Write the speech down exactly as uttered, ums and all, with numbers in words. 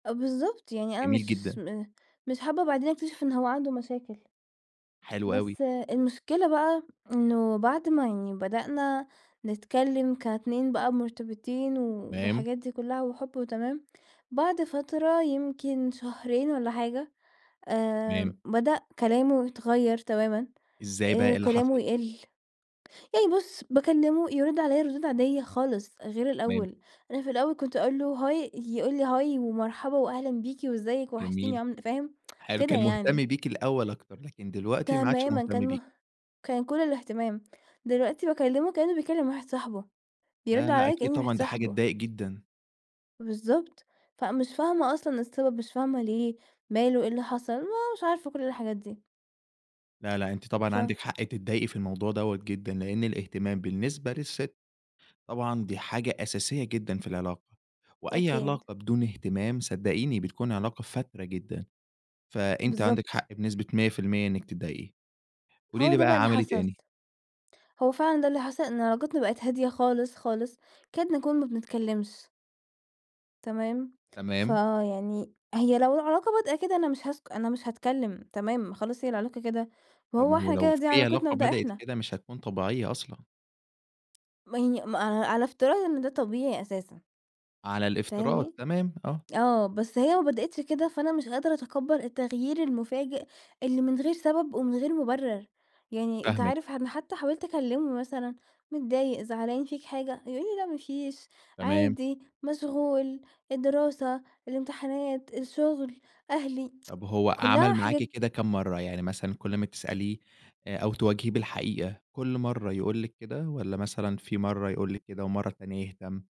آه بالضبط يعني أنا جميل مش جدًا. م مش حابّة بعدين أكتشف إن هو عنده مشاكل، حلو أوي. بس آآ المشكلة بقى، إنّه بعد ما يعني بدأنا نتكلّم كاتنين بقى مرتبطين و تمام. والحاجات دي كلّها وحُب وتمام، بعد فترة يمكن شهرين والّا حاجة، آآ تمام. بدأ كلامه يتغيّر تمامًا، إزاي بقى آآ إيه اللي كلامه حصل؟ يقل، يعني بُص باكلّمه يرد عليّا ردود عاديّة خالص، غير تمام. الأوّل، أنا في الأوّل كُنت أقول له: "Hi" يقول لي: "Hi ومرحبا وأهلًا بيكِ، وإزيك ووحشتيني جميل، وعام" فاهم، حلو كده كان مهتم يعني. بيكِ الأوّل أكتر لكن دلوقتي ما عادش تمامًا مهتم كان بيكِ. مه كان كل الاهتمام، دلوقتي باكلّمه كأنّه بيكلّم واحد صاحبه، يرد لأ لأ عليّا أكيد كأني واحد طبعًا دي حاجة صاحبه. تضايق جدًا. بالضبط، فمش فاهمة أصلًا السبب مش فاهمة ليه، ماله إيه اللي حصل ما مش عارفة كل الحاجات دي. لأ لأ أنتِ طبعًا ف عندِك حق تضايقي في الموضوع دوّة جدًا، لأن الاهتمام بالنسبة للست، طبعًا دي حاجة أساسية جدًا في العلاقة، وأي أكيد. علاقة بدون اهتمام صدّقيني بتكون علاقة فاتِرة جدًا، فأنتِ عندِك بالضبط حق بنسبة مِيّة في المِيّة إنّك تضايقي، قولي هو لي ده بقى بقى اللي عمل إيه حصل. تاني؟ هو فعلًا ده اللي حصل إن علاقتنا بقت هادية خالص خالص، كاد نكون ما بنتكلمش. تمام، تمام. فيعني هي لو العلاقة بادئه كده أنا مش هاسك أنا مش هاتكلّم تمام خلاص هي العلاقة كده، ما طب ما هو هو إحنا لو كده دي في علاقتنا علاقة وده بدأت إحنا. كده مش هتكون طبيعية أصلًا. ما هي ما ع على افتراض إن ده طبيعي أساسًا. على الافتراض فاهمني، تمام آه. آه بس هي ما بدأتش كده فأنا مش قادرة أتقبّل التغيير المفاجئ، اللي من غير سبب ومن غير مُبرر، يعني أنت فاهمِك. عارف أنا حتّى حاولت أكلّمه مثلًا، متضايق زعلان فيك حاجة يقول لي: "لأ مافيش، تمام. عادي، مشغول، الدراسة، الامتحانات، الشغل، أهلي" طب هو كلّها عمل معاكِ حِجج كده كام مرّة يعني مثلًا كل لمّا تسأليه، آآ أو تواجهيه بالحقيقة، كل مرّة يقول لِك كده؟ والّا مثلًا في مرّة يقول لِك كده ومرّة تانية يهتم؟